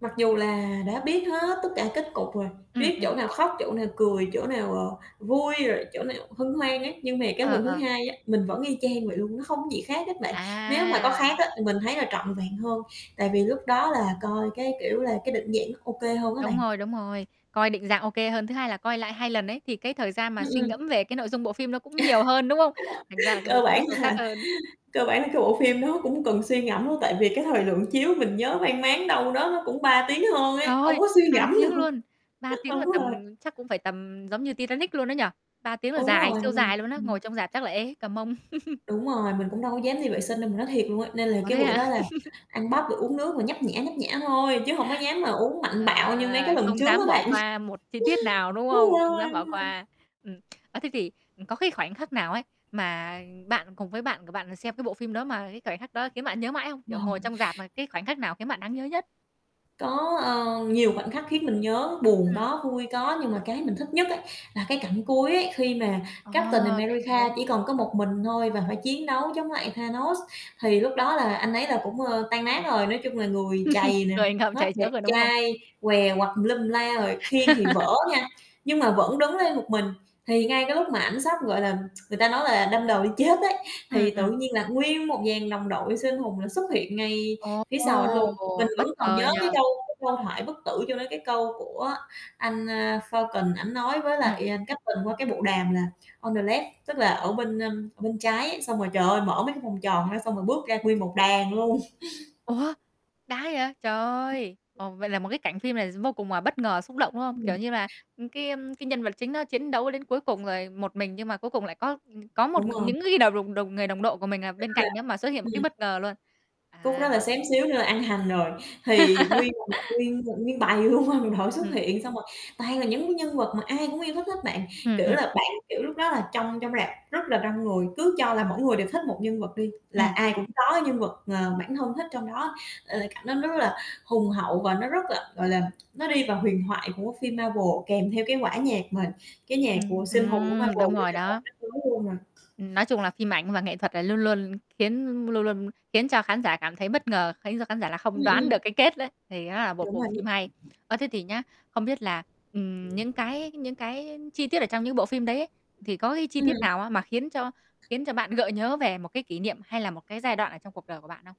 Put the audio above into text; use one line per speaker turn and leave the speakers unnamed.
Mặc dù là đã biết hết tất cả kết cục rồi,
Ừm,
biết chỗ
ừm.
nào khóc, chỗ nào cười, chỗ nào, ờ, vui rồi chỗ nào hân hoan á. Nhưng mà cái
Ờ,
lần thứ
ờ.
2 á, mình vẫn y chang vậy luôn, nó không có gì khác hết bạn. Nếu mà có
À.
khác á, thì mình thấy là trọn vẹn hơn tại vì lúc đó là coi cái kiểu là cái định dạng nó ô kê hơn á bạn.
Đúng rồi, đúng rồi. Coi định dạng ô kê hơn. Thứ hai là coi lại 2 lần ấy, thì cái thời gian mà
Ừm,
suy
ừm.
ngẫm về cái nội dung bộ phim nó cũng nhiều hơn, đúng không? Thành ra là cái bộ
Cơ
phim nó
bản
sâu sắc
là
hơn.
cơ bản là cái bộ phim đó cũng cần suy ngẫm luôn. Tại vì cái thời lượng chiếu mình nhớ mang máng đâu đó nó cũng 3 tiếng hơn ấy, hông
Trời,
có suy
3
ngẫm
tiếng
được,
luôn, 3 tiếng
đúng
là
rồi.
tầm chắc cũng phải tầm giống như Titanic luôn á nhỉ? 3 tiếng là
Đúng
dài,
rồi,
siêu
ừ,
dài luôn á,
ừm.
ngồi trong rạp chắc là ê hết cả mông.
Đúng rồi, mình cũng đâu có dám đi vệ sinh đâu, mình nói thiệt luôn á. Nên là
Ủa
cái
thế
bữa
hả?
đó là ăn bắp rồi uống nước, rồi nhấp nhả, nhấp nhả thôi, chứ hổng có dám mà uống mạnh
Ờ,
bạo như mấy cái lần
không
trước
dám
á
bỏ
bạn.
qua một chi tiết nào, đúng
Đúng
không? Không
rồi,
dám bỏ
đúng rồi.
qua. Ừm, ơ, thế thì có cái khoảnh khắc nào ấy, mà bạn cùng với bạn của bạn xem cái bộ phim đó mà cái khoảnh khắc đó khiến bạn nhớ mãi không?
Ờ.
Kiểu, ngồi trong rạp mà cái khoảnh khắc nào khiến bạn đáng nhớ nhất?
Có, ơ, nhiều khoảnh khắc khiến mình nhớ, buồn
Ừm.
có, vui có. Nhưng mà cái mình thích nhất á, là cái cảnh cuối ấy, khi mà Captain
À, cảnh
America
cuối.
chỉ còn có một mình thôi và phải chiến đấu chống lại Thanos, thì lúc đó là anh ấy là cũng, ơ, tan nát rồi. Nói chung là người trầy nè,
Người ngượm
hết
trầy
đẹp
xước rồi, đúng không?
trai, què quặt tùm lum tùm la rồi, khiên thì vỡ nha, nhưng mà vẫn đứng lên một mình. Thì ngay cái lúc mà ảnh sắp, gọi là, người ta nói là đâm đầu đi chết ấy,
Ừm,
thì tự
ừm.
nhiên là nguyên một dàn đồng đội siêu anh hùng là xuất hiện ngay phía sau ảnh luôn. Mình
Ồ, bất
vẫn còn
ngờ
nhớ
nhỉ.
cái câu cái câu thoại bất tử chỗ đó, cái câu của anh, a, Falcon, ảnh nói với
Ừm.
lại Captain qua cái bộ đàm là "On the left", tức là ở bên, ưm, ở bên trái ấy. Xong rồi, trời ơi, mở mấy cái vòng tròn ra xong rồi bước ra nguyên một đàn luôn.
Ủa, đã vậy. Trời ơi. Ồ, vậy là một cái cảnh phim này vô cùng là bất ngờ, xúc động, đúng không?
Đúng
Kiểu
rồi.
như là cái cái nhân vật chính nó chiến đấu đến cuối cùng rồi, một mình nhưng mà cuối cùng lại có có một
Đúng rồi.
những người đồng đồng người đồng đội của mình,
Khúc
ờ,
đó
bên
là
cạnh đó, mà xuất hiện một cái
ừm.
bất ngờ luôn.
Khúc
À,
đó là
hóa
xém xíu nữa là ăn hành rồi. Thì nguyên [unintelligible] nguyên nguyên bầy luôn, đồng đội xuất
Ừm.
hiện, xong rồi toàn là những cái nhân vật mà ai cũng yêu thích hết bạn.
Ừm,
Kiểu
ừm.
là bạn kiểu lúc đó là trong trong rạp rất là đông người, cứ cho là mỗi người đều thích một nhân vật đi, là
Ừm.
ai cũng có cái nhân vật, ờ, bản thân thích trong đó. Ờ, cảnh đó nó rất là hùng hậu và nó rất là, gọi là, nó đi vào huyền thoại của phim Marvel, kèm theo cái quả nhạc mà cái nhạc
Ừm,
của siêu anh hùng của
ừm, đúng
Marvel, nữa
rồi
trời
đó.
ơi, [unintelligible] luôn rồi.
Ừm, nói chung là phim ảnh và nghệ thuật là luôn luôn khiến luôn luôn khiến cho khán giả cảm thấy bất ngờ, khiến cho khán giả là
Ừm,
không đoán
ừm.
được cái kết đấy, thì đó là một
Đúng
bộ
rồi
phim
đó.
hay. Ơ, thế thì nhá, không biết là, ừm, những cái những cái chi tiết ở trong những bộ phim đấy ấy, thì có cái chi tiết
Ừm.
nào á, mà khiến cho khiến cho bạn gợi nhớ về một cái kỷ niệm hay là một cái giai đoạn ở trong cuộc đời của bạn không?